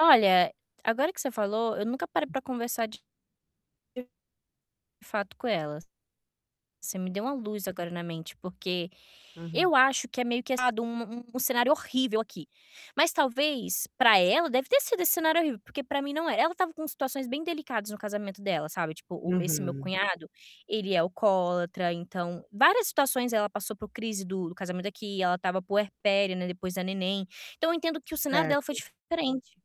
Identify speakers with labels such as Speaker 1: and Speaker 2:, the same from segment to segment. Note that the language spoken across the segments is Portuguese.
Speaker 1: Olha, agora que você falou, eu nunca parei pra conversar de fato com ela. Você me deu uma luz agora na mente, porque
Speaker 2: Uhum.
Speaker 1: eu acho que é meio que ado, um um cenário horrível aqui. Mas talvez, pra ela, deve ter sido esse cenário horrível, porque pra mim não é. Ela estava com situações bem delicadas no casamento dela, sabe, tipo o esse meu
Speaker 2: Uhum.
Speaker 1: cunhado, ele é alcoólatra, então várias situações ela passou por crise do do casamento aqui, ela estava puérpera, né, depois da neném, então eu entendo que o cenário dela foi
Speaker 2: Certo.
Speaker 1: diferente.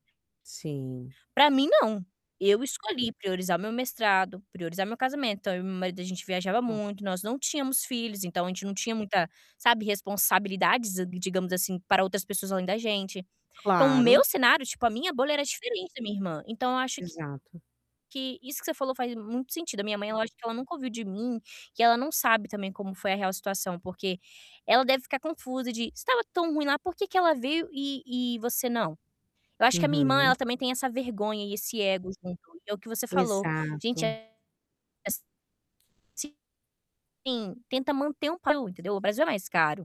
Speaker 2: Sim.
Speaker 1: Pra mim, não. Eu escolhi priorizar o meu mestrado, priorizar meu casamento, então eu e meu marido, a gente viajava
Speaker 2: Olha.
Speaker 1: muito, nós não tínhamos filhos, então a gente não tinha muita, sabe, responsabilidades, eh, digamos assim, para outras pessoas além da gente. Então, o meu
Speaker 2: Claro.
Speaker 1: cenário, tipo, a minha bolha era diferente da minha irmã. Então eu acho que
Speaker 2: Exato.
Speaker 1: que isso que você falou faz muito sentido. A minha mãe é lógico que ela nunca ouviu de mim, que ela não sabe também como foi a real situação, porque ela deve ficar confusa de: "Se estava tão ruim lá, por que que ela veio e e você não?" Eu acho que a minha irmã, ela
Speaker 2: Uhum.
Speaker 1: também tem essa vergonha e esse ego junto, e é o que você falou, gente,
Speaker 2: Exato.
Speaker 1: eh es sim, tenta manter um pa entendeu. O Brasil é mais caro.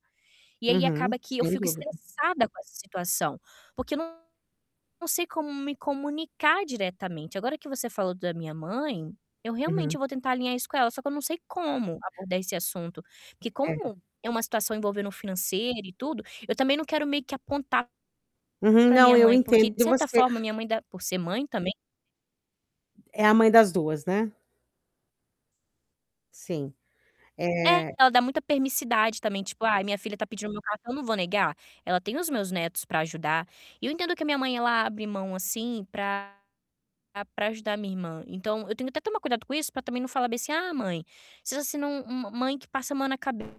Speaker 1: E aí
Speaker 2: Uhum,
Speaker 1: acaba que eu
Speaker 2: sem
Speaker 1: fico
Speaker 2: dúvida.
Speaker 1: estressada com essa situação, porque eu não sei como me comunicar diretamente. Agora que você falou da minha mãe, eu realmente,
Speaker 2: Uhum.
Speaker 1: eu vou tentar alinhar isso com ela, só que eu não sei como abordar esse assunto, porque
Speaker 2: É.
Speaker 1: como é uma situação envolvendo o financeiro e tudo, eu também não quero meio que apontar
Speaker 2: Uhum.
Speaker 1: pra minha
Speaker 2: Não, eu
Speaker 1: mãe porque
Speaker 2: entendo
Speaker 1: de certa
Speaker 2: você.
Speaker 1: forma a minha mãe dá por ser mãe também
Speaker 2: É a mãe das 2, né? Sim.
Speaker 1: É,
Speaker 2: É
Speaker 1: ela dá muita permissividade também, tipo: "Ai, minha filha está pedindo meu cartão, eu não vou negar. Ela tem os meus netos pra ajudar", e eu entendo que a minha mãe, ela abre mão, assim, pra pra ajudar a minha irmã, então eu tenho que até tomar cuidado com isso pra também não falar bem assim: "Ah, mãe, seja assim não, um uma mãe que passa a mão na cabeça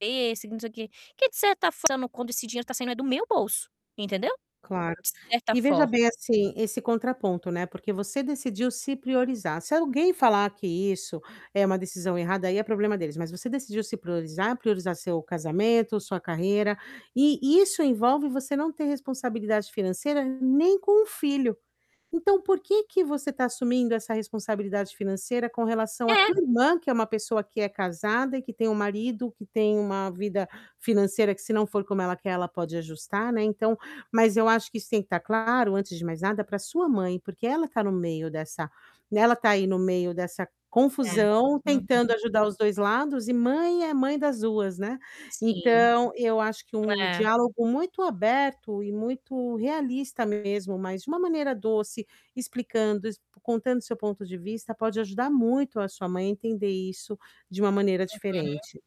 Speaker 1: e não sei o quê", que de certa f quando esse dinheiro tá saindo é do meu bolso, entendeu.
Speaker 2: Claro.
Speaker 1: De certa
Speaker 2: E veja
Speaker 1: forma.
Speaker 2: bem, assim, esse contraponto, né, porque você decidiu se priorizar. Se alguém falar que isso é uma decisão errada, aí é problema deles, mas você decidiu se priorizar, priorizar seu casamento, sua carreira e isso envolve você não ter responsabilidade financeira nem com o filho. Então, por que que você tá assumindo essa responsabilidade financeira com relação à
Speaker 1: É.
Speaker 2: tua irmã, que é uma pessoa que é casada e que tem um marido, que tem uma vida financeira que, se não for como ela quer, ela pode ajustar, né, então mas eu acho que isso tem que estar claro antes de mais nada pra sua mãe, porque ela tá no meio dessa e ela tá aí no meio dessa
Speaker 1: É,
Speaker 2: confusão, tentando
Speaker 1: uhum.
Speaker 2: ajudar os 2 lados e mãe é mãe das 2, né.
Speaker 1: Sim.
Speaker 2: Então, eu acho que um
Speaker 1: É.
Speaker 2: diálogo muito aberto e muito realista mesmo, mas de uma maneira doce, explicando, contando seu ponto de vista pode ajudar muito a sua mãe a entender isso de uma maneira
Speaker 1: Uhum.
Speaker 2: diferente.